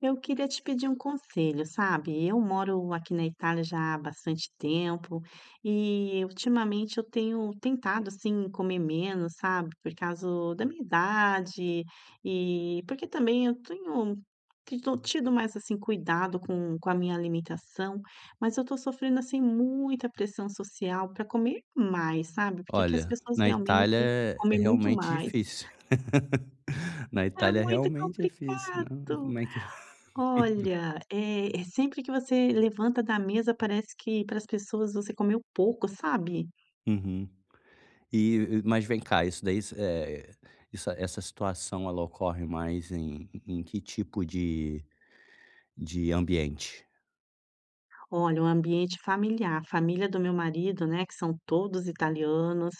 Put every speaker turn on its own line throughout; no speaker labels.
Eu queria te pedir conselho, sabe, eu moro aqui na Itália já há bastante tempo e ultimamente eu tenho tentado, assim, comer menos, sabe, por causa da minha idade e porque também eu tenho tõ tido mais assim cuidado com com a minha alimentação, mas eu tô sofrendo, assim, muita pressão social pra comer mais, sabe, porque aqui as
Olha,
pessoas
na Itália
realmente
é é
comem muito
realmente
mais.
difícil, na
É
Itália é
muito
realmente difícil, não?
complicado,
Como é que
olha, eh, sempre que você levanta da mesa parece que para as pessoas você comeu pouco, sabe?
Uhum. E, mas vem cá, isso daí, eh iss essa essa situação ela ocorre mais em em que tipo de de ambiente?
Olha, o ambiente familiar, a família do meu marido, né, que são todos italianos,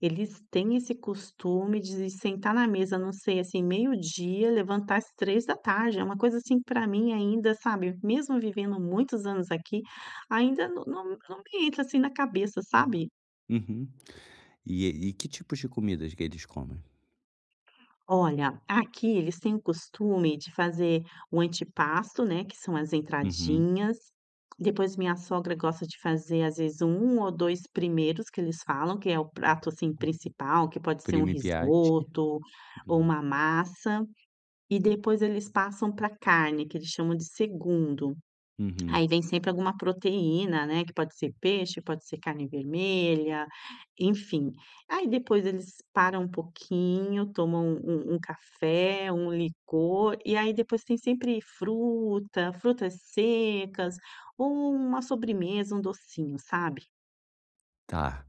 eles têm esse costume de sentar na mesa, não sei, assim, meio-dia levantar às 13h, é uma coisa assim para mim ainda, sabe, mesmo vivendo muitos anos aqui, ainda não não não me entra, assim, na cabeça, sabe?
Uhum. E el e que tipos de comidas que eles comem?
Olha, aqui eles têm o costume de fazer o antipasto, né, que são as
Uhum.
entradinhas. Depois minha sogra gosta de fazer às vezes 1 ou 2 primeiros que eles falam, que é o prato assim principal que pode ser um
Primi piatti.
risoto ou
Uhum.
uma massa, e depois eles passam pra carne que eles chamam de segundo,
Uhum.
aí vem sempre alguma proteína, né? Que pode ser peixe, pode ser carne vermelha, enfim. Aí depois eles param um pouquinho, tomam um um café, um licor, e aí depois tem sempre fruta, frutas secas ou uma sobremesa, um docinho, sabe.
Tá.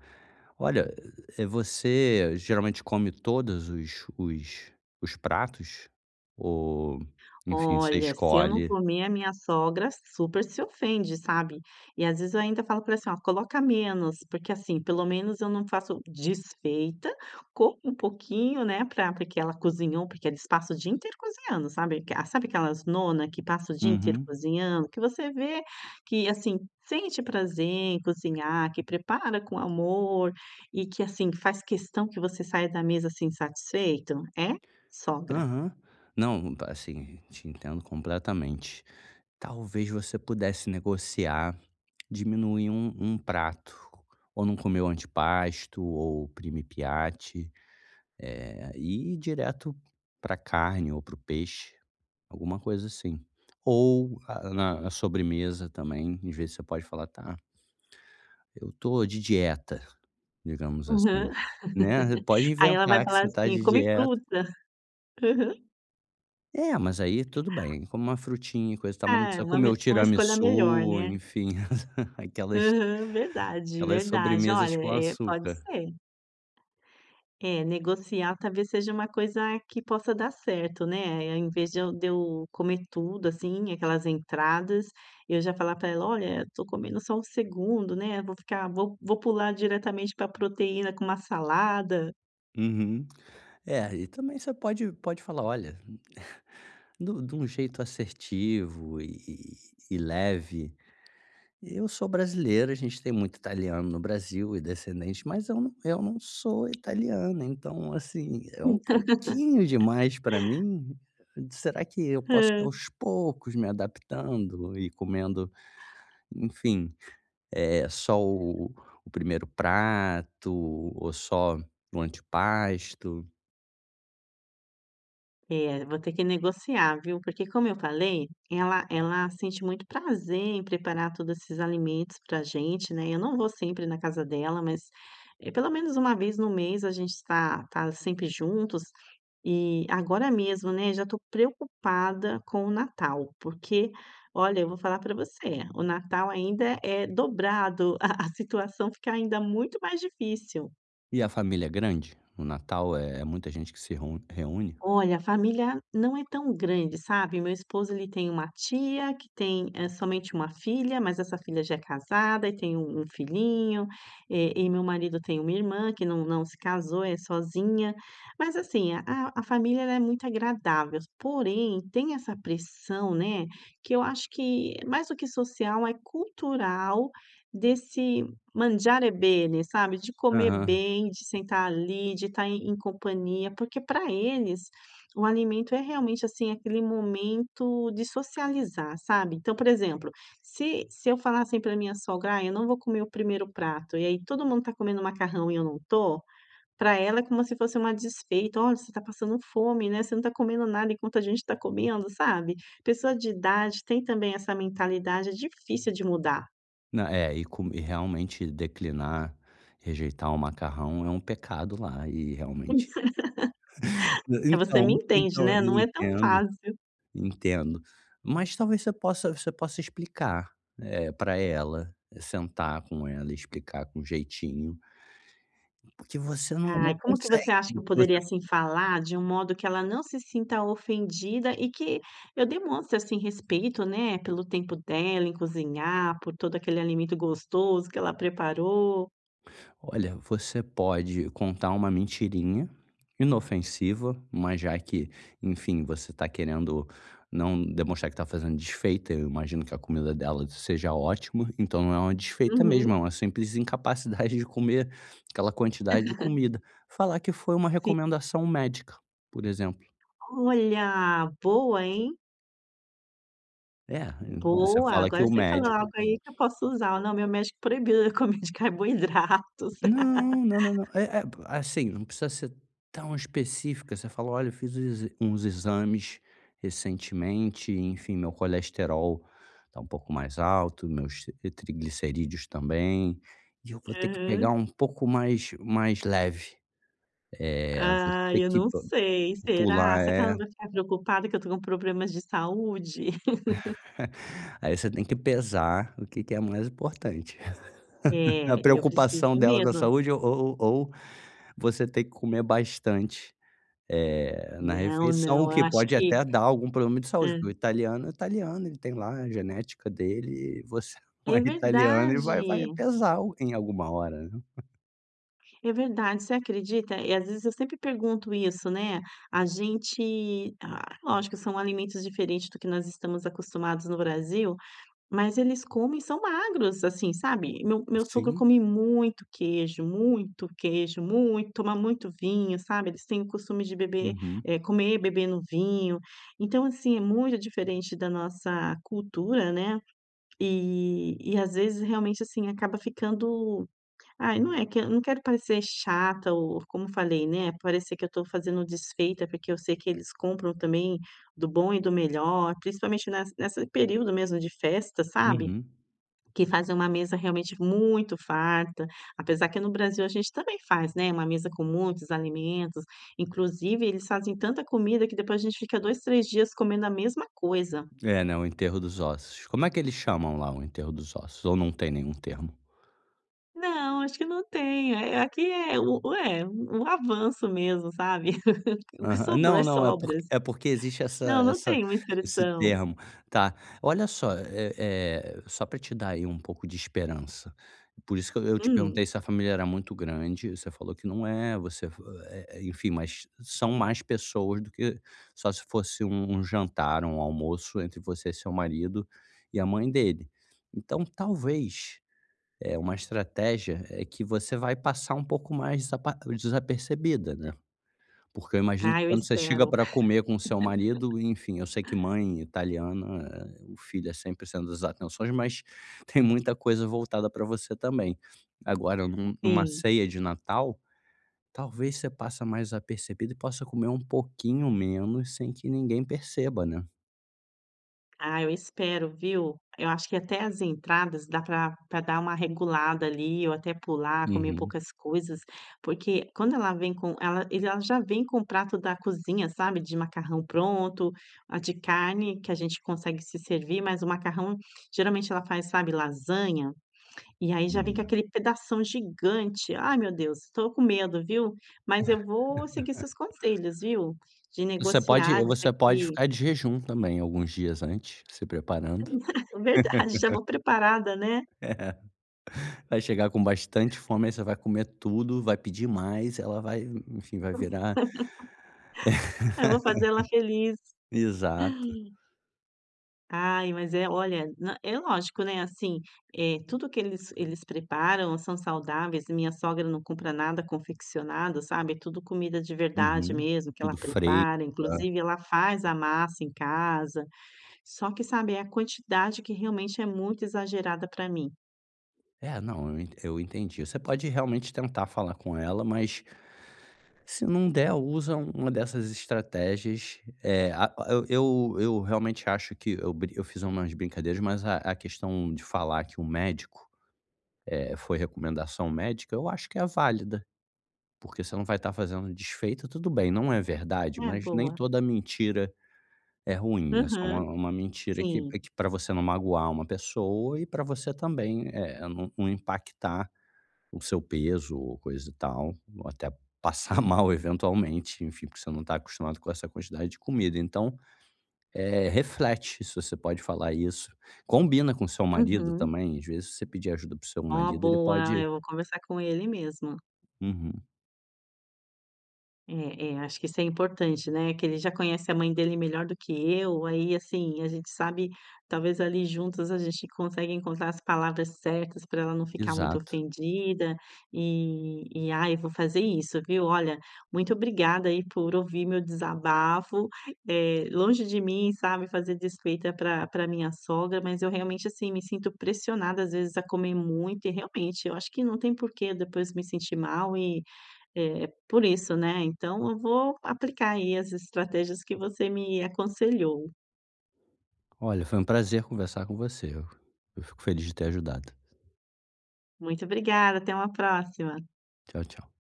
Olha, eh, você geralmente come todos os os os pratos ou, enfim, você
Olha, se eu não
escolhe?
comer a minha sogra super se ofende, sabe? E às vezes eu ainda falo pra ela, assim, coloca menos, porque, assim, pelo menos eu não faço desfeita, como um pouquinho, né, pra por que ela cozinhou, porque eles passa o dia inteiro cozinhando, sabe? Sabe aquelas nona que passa o dia inteiro
Uhum.
cozinhando? Que você vê que assim sente prazer em cozinhar, que prepara com amor e que, assim, faz questão que você saia da mesa, assim, satisfeito? É sogra.
Aham, não, tá assim, te entendo completamente. Talvez você pudesse negociar, diminuir um um prato, ou não comer o antipasto ou o primi piatti, eh, e ir direto pra carne ou para o peixe, alguma coisa assim, ou a na sobremesa também e vê se você pode falar tá eu tô de dieta, digamos
Aham.
assim, né, pode
Aí ela vai
inventar que
falar
você tá
assim
de
come
dieta.
fruta. Aham.
É mas aí tudo bem, come uma "frutinha" e coisa e tal mas não
Ah, é
precisa
uma
comer o
me uma escolha melhor,
tiramissu,
né?
enfim, aquelas
Aham, verdade,
aquelas
verdade,
sobremesas
olha
com
é, pode
açúcar.
ser. É, negociar talvez seja uma coisa que possa dar certo, né? Ao invés de eu de eu comer tudo, assim, aquelas entradas, eu já falar pra ela: "Olha, estou comendo só o segundo, né, vou ficar vou vou pular diretamente pra proteína com uma salada".
Uhum, é e também você pode pode falar: "Olha", de um de um jeito assertivo e e leve, "Eu sou brasileira, a gente tem muito italiano no Brasil e descendentes mas eu não eu não sou italiana, então, assim, é um pouquinho demais pra mim, será que eu posso
Hã?
aos poucos me adaptando e comendo, enfim, eh, só o primeiro prato ou só o antepasto"?
É, vou ter que negociar viu? Porque, como eu falei, ela ela sente muito prazer em preparar todos esses alimentos pra gente, né, eu não vou sempre na casa dela, mas pelo menos uma vez no mês a gente está tá sempre juntos, e agora mesmo, né, já estou preocupada com o Natal porque, olha, eu vou falar pra você, o Natal ainda é dobrado, a a situação fica ainda muito mais difícil.
E a família é grande? No Natal é muita gente que se ron reúne?
Olha, a família não é tão grande, sabe, meu esposo ele tem uma tia que tem, eh, somente uma filha, mas essa filha já é casada e tem um um filhinho, eh, e meu marido tem uma irmã que não não se casou, é sozinha, mas assim, a a família ela é muito agradável, s porém tem essa pressão, né, que eu que acho que mais do que social, é cultural desse mangiare bene, sabe, de comer
Aham.
bem, de sentar ali, de estar em em companhia, porque pra eles o alimento é realmente, assim, aquele momento de socializar, sabe, então por exemplo, se se eu falar assim pra minha sogra: "Ah, eu não vou comer o 1º prato." e aí todo mundo tá comendo macarrão e eu não tô, pra ela é como se fosse uma desfeita: "Olha, você tá passando fome, né, você não tá comendo nada enquanto a gente tá comendo, sabe, pessoa de idade tem também essa mentalidade difícil de mudar.
Nã é e co e realmente declinar, rejeitar um macarrão é um pecado lá e realmente.
É você me
então,
entende,
então
né,
eu
não é tão
entendo,
fácil.
entendo, mas talvez você possa você possa explicar, eh, pra ela, sentar com ela, e explicar com jeitinho porque você não não
Ai, como que você
consegue
acha que eu poderia
[unintelligible]
assim, falar de um modo que ela não se sinta ofendida e que eu demonstre, assim, respeito, né, pelo tempo dela em cozinhar, por todo aquele alimento gostoso que ela preparou
Olha, você pode contar uma mentirinha, inofensiva, mas já que, enfim, você tá querendo não demonstrar que tá fazendo desfeita, eu imagino que a comida dela seja ótima, então não é uma desfeita mesmo é
Uhum.
uma simples incapacidade de comer aquela
Hum.
quantidade de comida. Falar que foi uma
Sim.
recomendação médica, por exemplo.
Olha, boa hein.
É, você
Boa,
fala que
agora
o
você falou
médico
algo aí que eu posso usar. Não, meu médico proibiu a comer de carboidratos.
Não não não não é é, assim, não precisa ser tão específica você fala: "Olha eu fiz uns exa uns exames recentemente, enfim, meu colesterol tá um pouco mais alto, meus t triglicerídeos também, e eu vou ter que pegar
Aham.
um pouco mais mais leve", eh, vou
Ah,
ter
eu
que
não
pu
sei
pular
será? Será que ela
é.
não vai ficar preocupada que eu tô com problemas de saúde?
Aí você tem que pesar o que que é mais importante, a
É, e eu preciso
preocupação dela com a
mesmo.
saúde ou ou ou você ter que comer bastante, eh, na
Não
refeição
não eu
que
acho
pode
que
até dar algum problema de saúde,
hã.
porque o italiano é italiano ele tem lá a genética dele, eh, você não
É
é italiano e vai vai
verdade.
pesar algo em alguma hora.
É verdade, você acredita? E às vezes eu sempre pergunto isso, né, a gente, ah, lógico que são alimentos diferentes do que nós estamos acostumados no Brasil, mas eles comem e são magros assim, sabe? O meu meu sogro
Sim.
come muito queijo, muito queijo, muito, toma muito, vinho, sabe? Eles têm o costume de beber,
Uhum.
eh, comer bebendo um vinho. Então, assim, é muito diferente da nossa cultura né. E, e às vezes realmente assim acaba ficando, ai não é que não quero parecer chata ou como falei né parecer que eu estou fazendo desfeita, porque eu sei que eles compram também do bom e do melhor principalmente nessa nesse período mesmo de festa, sabe,
Uhum.
que fazem uma mesa realmente muito farta, apesar que no Brasil a gente também faz, né, uma mesa com muitos alimentos inclusive eles fazem tanta comida que depois a gente fica uns 2, 3 dias comendo a mesma coisa.
É né, o enterro dos ossos. Como é que eles chamam lá o enterro dos ossos? Ou não tem nenhum termo?
Não, acho que não tem. Eh eh, aqui é o é o avanço mesmo, sabe? O que
Aham,
sobrou é
não não, é porque
sobras.
é porque existe essa
Não, não
essa
tem uma
esse
expressão.
termo, tá, olha só, eh eh, só pra te dar aí um pouco de esperança. Por isso que eu eu te
Hum.
perguntei se a família era muito grande, você falou que não é, você fa eh eh enfim mas são mais pessoas do que só se fosse um jantar ou um almoço entre você e seu marido, e a mãe dele, então talvez, eh, uma estratégia, é que você vai passar um pouco mais desapa desapercebido, né, porque eu imagino
Ah,
que
eu
quando você chega
espero.
pra comer com o seu marido, enfim, eu sei que mãe italiana, o filho é sempre o centro das atenções mas, tem muita coisa voltada pra você também. Agora em um em uma
Sim.
ceia de Natal, talvez você passa mais apercebida e possa comer um pouquinho menos sem que ninguém perceba, né?
Ah, eu espero viu, a eu acho que até as entradas dá pra pra dar uma regulada ali, ou até pular, comer
Uhum.
poucas coisas, porque quando ela vem com ela ele a já vem com o prato da cozinha, sabe, de macarrão pronto, ah, de carne que a gente consegue se servir, mas o macarrão geralmente ela faz, sabe, lasanha e aí já vem com
Hum.
aquele pedação gigante, ai meu Deus, estou com medo, viu, mas eu vou seguir seus conselhos, viu, de
Você pode
negociar, dizer
você pode
que
ficar de jejum também alguns dias antes, se preparando.
Verdade, já vou preparada, né.
Vai chegar com bastante fome, aí você vai comer tudo, vai pedir mais, ela vai hum enfim, vai virar
Eu vou fazer ela feliz.
exato.
Ai, mas é, olha nã é lógico, né, eh assim, eh tudo que eles eles preparam são saudáveis e minha sogra não compra nada confeccionado, sabe, tudo comida de verdade
Uhum,
mesmo que
tudo
ela
fresco
prepara, inclusive ela faz
[unintelligible]
a massa em casa. Só que sabe, é a quantidade que realmente é muito exagerada pra mim.
É não, eu ent eu entendi. Você pode realmente tentar falar com ela mas, se não der usa um uma dessas estratégias eh, ah o eu eu eu realmente acho que eu bri eu fiz umas brincadeiras, mas a a questão de falar que o médico, eh foi recomendação médica, eu acho que é válida, porque você não vai estar fazendo desfeita. Tudo bem não é verdade,
É,
mas nem
boa.
toda mentira é ruim é só uma
Uhum,
uma mentira que,
sim.
eh, que p pra você não magoar uma pessoa e pra você também eh, nu não impactar o seu peso ou coisa e tal, ou até passar mal eventualmente, enfim, porque você não tá acostumada com essa quantidade de comida, então eh, reflete se você pode falar isso, combina com o seu marido
Uhum.
também, às vezes se você pedir ajuda para o seu
Oh,
marido ele
boa, ah,
pode
eu vou conversar com ele mesmo.
Uhum.
É, é acho que isso é importante, né, que ele já conhece a mãe dele melhor do que eu, aí, assim, a gente sabe talvez ali juntos a gente consegue encontrar as palavras certas pra ela não ficar muito
Exato.
ofendida e e ai, eu vou fazer isso, viu. Olha, muito obrigada aí por ouvir meu desabafo, eh, longe de mim sabe, fazer desfeita pra pra minha sogra, mas eu realmente, assim, me sinto pressionada, às vezes a comer muito e realmente eu acho que não tem por quê depois me sentir mal e, eh, por isso né, então eu vou aplicar aí as estratégias que você me aconselhou.
Olha, foi um prazer conversar com você. Eu eu fico feliz de ter ajudado.
Muito obrigada, até uma próxima!
Tchau, tchau.